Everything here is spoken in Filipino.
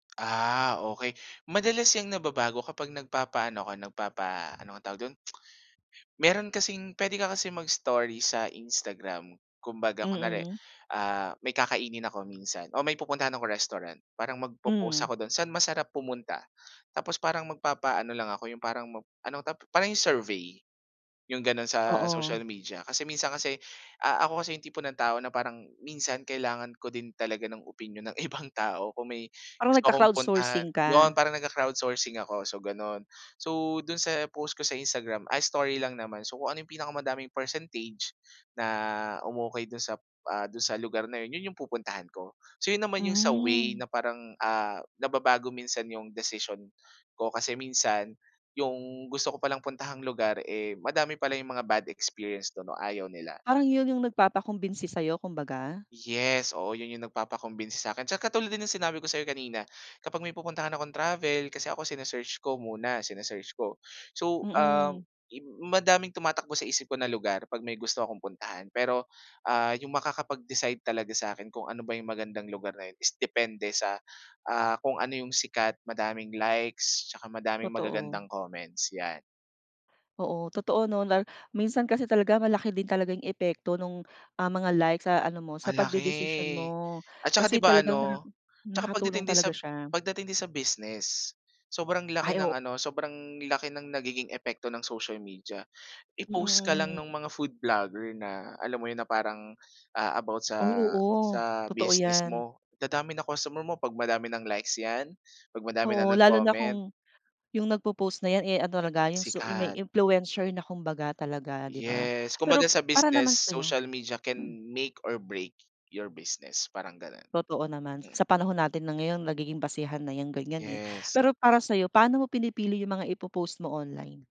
Ah, okey madalas yang nababago kapag nagpapaano ka nagpapa ano nga ang tawag dun? Meron kasing pwede ka kasi mag-story sa Instagram. Kumbaga kunware, Mm. ah, may kakainin ako minsan, o may pupuntahan ako restaurant. Parang magpopost Hmm. ako dun, saan masarap pumunta. Tapos parang magpapaano lang ako yung parang ano parang anong tap yung survey. Yung ganon sa Oo. social media. Kasi minsan kasi, ah, ako kasi yung tipo ng tao na parang minsan kailangan ko din talaga ng opinyon ng ibang tao kung may Parang gusto akong puntahan. nagka-crowdsourcing ka. Yun parang nag-crowdsourcing ako so ganon. So dun sa post ko sa Instagram ay story lang naman. So kung ano yung pinakamadaming percentage na umokey dun sa ah, dun sa lugar na yun, yun yung pupuntahan ko. So yun naman yung sa way Hmm. na parang, ah, nababago minsan yung desisyon ko. Kasi minsan yung gusto ko palang puntahang lugar, eh, madami pala yung mga bad experience dun o ayaw nila. Parang yun yung nagpapakumbinsi sa'yo kumbaga. Yes oo. Yun yung nagpapa-convince sakin sa katulad din yung sinabi ko sayo kanina. Kapag may pupuntahan akong travel kasi ako sine-search ko muna. Sine-search ko. So, ah, Mm. im madaming tumatakbo sa isip ko na lugar pag may gusto akong puntahan, pero, ah, yung makakapag decide talaga sakin kung ano ba yung magandang lugar na yun is depende sa kung, ah, ano yung sikat, madaming likes, tsaka madaming Totoo. magagandang comments 'yan. Oo totoo nun at minsan kasi talaga malaki din talagang epekto nung ang mga like sa ano mo sa pagdedesisyon Malaki. mo At tsaka 'di kasi ba talagang ano tsaka nakatulong pagdating talaga sa siya. pagdating din sa business, sobrang laki Ay ng o ano sobrang laki ng nagiging epekto ng social media. Mm, I-post ka lang mm. nung mga food vlogger na alam mo yun na parang, ah, about Ay sa oo, sa totoo business 'yan. mo dadami na customer mo pag madami ng likes 'yan pag madami ng Oo lalo na nag-comment. kung, yung nagpopost na 'yan, eh, ano talaga yung su may Sikat. influencer na kumbaga talaga 'di ba, Yes, kumbaga pero sa para business naman sa'yo social media can make or break your business parang ganun. Totoo naman sa panahon natin na ngayon nagiging basehan na yung ganyan eh, Yes. pero para sa'yo pano mo pinipili yung mga ipopost mo online?